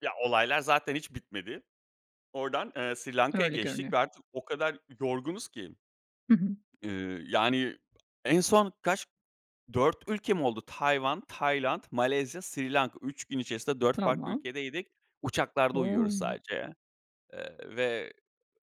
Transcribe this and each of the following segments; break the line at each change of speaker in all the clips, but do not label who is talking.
Ya, olaylar zaten hiç bitmedi. Ordan, eee, Sri Lanka'ya
Öyle
geçtik
görünüyor.
ve artık o kadar yorgunuz ki.
Hı hı.
Iıı, yani, en son kaç 4 ülke mi oldu? Tayvan, Tayland, Malezya, Sri Lanka. 3 gün içerisinde 4 farklı
Tamam.
ülkedeydik. Uçaklarda uyuyoruz
O!
sadece. Eee, ve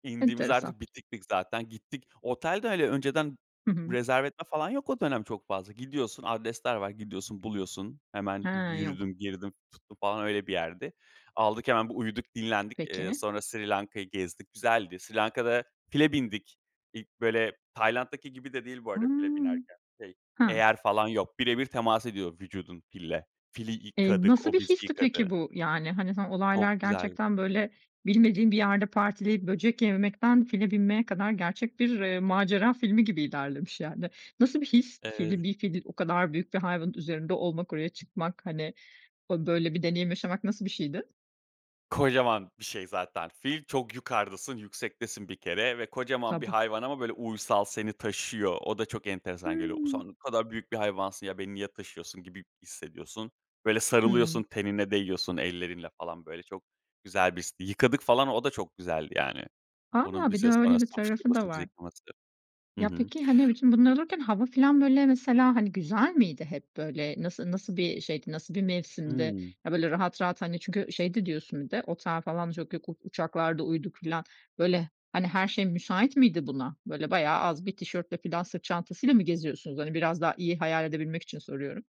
indiğimiz de
Enteresan.
artık bitiktik zaten, gittik. Otel de, hani, önceden
Hı hı.
rezerve etme falan yok o dönem çok fazla. Gidiyorsun, adresler var. Gidiyorsun, buluyorsun. Hemen
Hee, yok.
yürüdüm, girdim, tuttum falan öyle bir yerdi. Aldık hemen bir uyuduk, dinlendik. Eee,
Peki.
sonra Sri Lanka'yı gezdik, güzeldi. Sri Lanka'da file bindik. İlk, böyle, Tayland'daki gibi de değil bu arada file
Hıı.
binerken, şey,
Ha.
eyer falan yok. Bire bir temas ediyor vücudun fille. Fili
Eee,
yıkadık,
nasıl
o
bir
bizi
histi, peki,
yıkadı.
bu? Yani, hani, hı,
Çok
olaylar
güzel.
gerçekten, böyle, bilmediğin bir yerde partileyip, böcek yememekten, file binmeye kadar gerçek bir, eee, macera filmi gibi ilerlemiş, yani. Nasıl bir his?
Eee.
Fili bir fili o kadar büyük bir hayvanın üzerinde olmak, oraya çıkmak, hani, o, böyle, bir deneyim yaşamak nasıl bir şeydi?
Kocaman bir şey zaten fil, çok yukardasın, yüksektesin bir kere ve kocaman bir
Tabii.
hayvan ama, böyle, uysal seni taşıyor. O da çok enteresan geliyor. Sen
Hıı.
ne kadar büyük bir hayvansın ya, beni niye taşıyorsun gibi hissediyorsun. Böyle
Hıı.
sarılıyorsun tenine değiyorsun ellerinle, falan, böyle, çok güzel bir histi. Yıkadık, falan, o da çok güzeldi, yani. Onun
A! Bir de
bize sonra
öyle bir tarafı da
[unintelligible] bizi
var.
yıkaması. Hı
Ya,
hı.
peki, hani, bütün bunlar olurken hava filan, böyle, mesela, hani, güzel miydi hep, böyle? Nası nasıl bir şeydi, nasıl bir mevsimdi?
Hıı.
Ya, böyle, rahat rahat, hani, çünkü şeydi diyorsun bir de "Otel falan çok yok, u uçaklarda uyuduk." filan. Böyle, hani, her şey müsait miydi buna? Böyle, bayağı az bir tişörtle filan sırt çantasıyla mı geziyorsunuz? Hani, biraz daha iyi hayal edebilmek için soruyorum.